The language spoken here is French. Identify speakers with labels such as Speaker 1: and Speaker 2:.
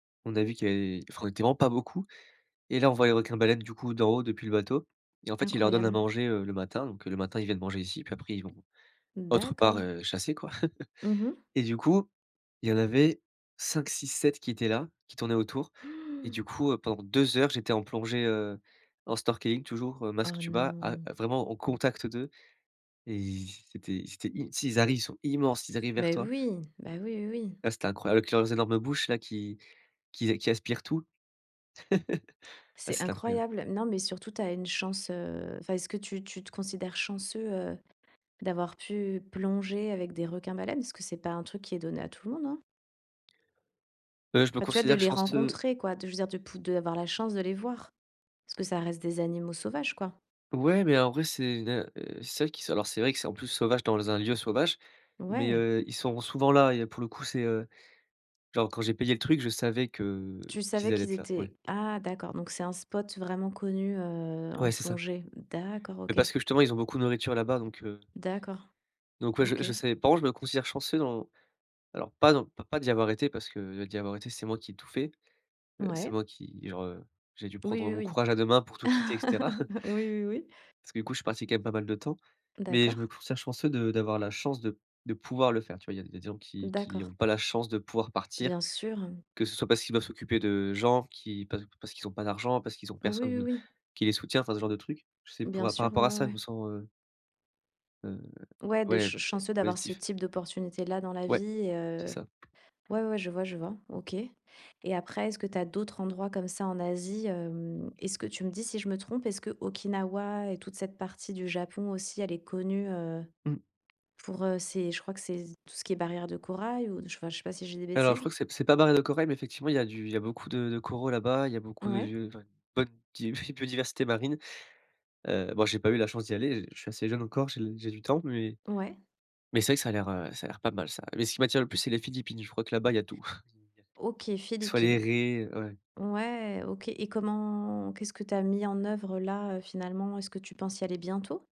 Speaker 1: On a vu qu'il avait enfin, on était vraiment pas beaucoup. Et là, on voit un requin-baleine du coup, d'en haut, depuis le bateau. Et en fait, ils leur donnent à
Speaker 2: Incroyable.
Speaker 1: manger, heu, le matin. Donc le matin, ils viennent manger ici, puis après ils vont
Speaker 2: Mmh
Speaker 1: autre part,
Speaker 2: d'accord.
Speaker 1: heu, chasser, quoi.
Speaker 2: Mmh mh.
Speaker 1: Et du coup, il y en avait 5, 6, 7 qui étaient là, qui tournaient autour. Et du coup heu, pendant 2 heures, j'étais en plongée, heu, en snorkeling toujours, heu, masque,
Speaker 2: Oh
Speaker 1: tuba, à
Speaker 2: non!
Speaker 1: à vraiment en contact d'eux. Et c'était c'était, i tu sais, ils arrivent, ils sont immenses, ils arrivent vers
Speaker 2: Beh
Speaker 1: toi.
Speaker 2: oui. Bah oui, oui, oui.
Speaker 1: Ah c'était incroyable avec leurs énormes bouches, là, qui qui a qui aspirent tout. Ouais,
Speaker 2: C'est
Speaker 1: c'était incroyable.
Speaker 2: incroyable. Non, mais surtout, tu as une chance, heu enfin, est-ce que tu tu te considères chanceux, heu, d'avoir pu plonger avec des requins-baleines? Parce que c'est pas un truc qui est donné à tout le monde, hein.
Speaker 1: Heu, je me
Speaker 2: Enfin, tu vois? De
Speaker 1: considère
Speaker 2: les
Speaker 1: chanceux
Speaker 2: rencontrer quoi, de je veux dire de pou d'avoir la chance de les voir. Parce que ça reste des animaux sauvages, quoi.
Speaker 1: Ouais, mais en vrai c'est une heu c'est vrai qu'ils sont alors c'est vrai que c'est, en plus, sauvage dans un lieu sauvage, mais
Speaker 2: Ouais!
Speaker 1: heu, ils sont souvent là. Et il y a pour le coup, c'est heu, genre quand j'ai payé le truc, je savais que
Speaker 2: Tu savais
Speaker 1: qu'ils allaient
Speaker 2: qu'ils
Speaker 1: être là, ouais.
Speaker 2: étaient ah d'accord, donc c'est un spot vraiment connu, heu, en
Speaker 1: Ouais, c'est ça.
Speaker 2: plongée. D'accord,
Speaker 1: Mais parce
Speaker 2: OK.
Speaker 1: que justement, ils ont beaucoup de nourriture là-bas, donc heu
Speaker 2: D'accord.
Speaker 1: Donc ouais je je
Speaker 2: OK.
Speaker 1: savais. Par contre je me considère chanceux dans alors pas non, p pas d'y avoir été parce que heu, d'y avoir été, c'est moi qui ai tout fait. Heu, c'est
Speaker 2: Ouais.
Speaker 1: moi qui, genre, j'ai dû prendre
Speaker 2: Oui,
Speaker 1: mon
Speaker 2: oui, oui.
Speaker 1: courage à deux mains pour tout quitter, et cetera.
Speaker 2: Oui, oui, oui.
Speaker 1: Parce que du coup, je suis parti quand même pas mal de temps, mais je
Speaker 2: D'accord.
Speaker 1: me considère chanceux de d'avoir la chance de de pouvoir le faire. Tu vois? Il y a il y a des gens qui qui
Speaker 2: D'accord.
Speaker 1: ont pas la chance de pouvoir partir,
Speaker 2: Bien sûr mmh.
Speaker 1: que ce soit parce qu'ils doivent s'occuper de gens qui pa parce qu'ils ont pas d'argent, parce qu'ils ont
Speaker 2: Oui, oui,
Speaker 1: personne
Speaker 2: oui.
Speaker 1: qui les soutient, enfin ce genre de truc. Tu sais, pou
Speaker 2: Bien
Speaker 1: par
Speaker 2: sûr, ouais,
Speaker 1: rapport à
Speaker 2: ouais,
Speaker 1: ça, je
Speaker 2: ouais.
Speaker 1: me sens, heu heu,
Speaker 2: Ouais de
Speaker 1: ouais,
Speaker 2: ch chanceux d'avoir ce
Speaker 1: positif.
Speaker 2: type d'opportunité-là dans la
Speaker 1: Ouais,
Speaker 2: vie et
Speaker 1: c'est
Speaker 2: heu
Speaker 1: ça.
Speaker 2: ouais, ouais, ouais, je vois, je vois, OK. Et après, est-ce que tu as d'autres endroits comme ça en Asie? Hem, est-ce que- tu me dis si je me trompe- est-ce que Okinawa et toute cette partie du Japon aussi, elle est connue, heu,
Speaker 1: Mmh.
Speaker 2: pour heu, ses je crois que c'est tout ce qui est barrières de corail? Ou enfin, je sais pas si je dis des
Speaker 1: Alors, je
Speaker 2: bêtises?
Speaker 1: crois que c'est c'est pas barrière de corail, mais effectivement il y a du il y beaucoup de de coraux là-bas, il y a beaucoup
Speaker 2: Ouais.
Speaker 1: de bonne petite biodiversité marine. Heu bon, j'ai pas eu la chance d'y aller, je suis assez jeune encore, j'ai l j'ai du temps, mais
Speaker 2: Ouais.
Speaker 1: mais c'est vrai que ça a l'air, heu, ça a l'air pas mal ça. Mais ce qui m'attire le plus c'est les Philippines, je crois là-bas, il y a tout. [unintelligible]
Speaker 2: OK,
Speaker 1: soit les
Speaker 2: Philippines.
Speaker 1: raies, heu, ouais.
Speaker 2: Ouais, OK. Et comment qu'est-ce que tu as mis en œuvre là, heu, finalement? Est-ce que tu penses y aller bientôt?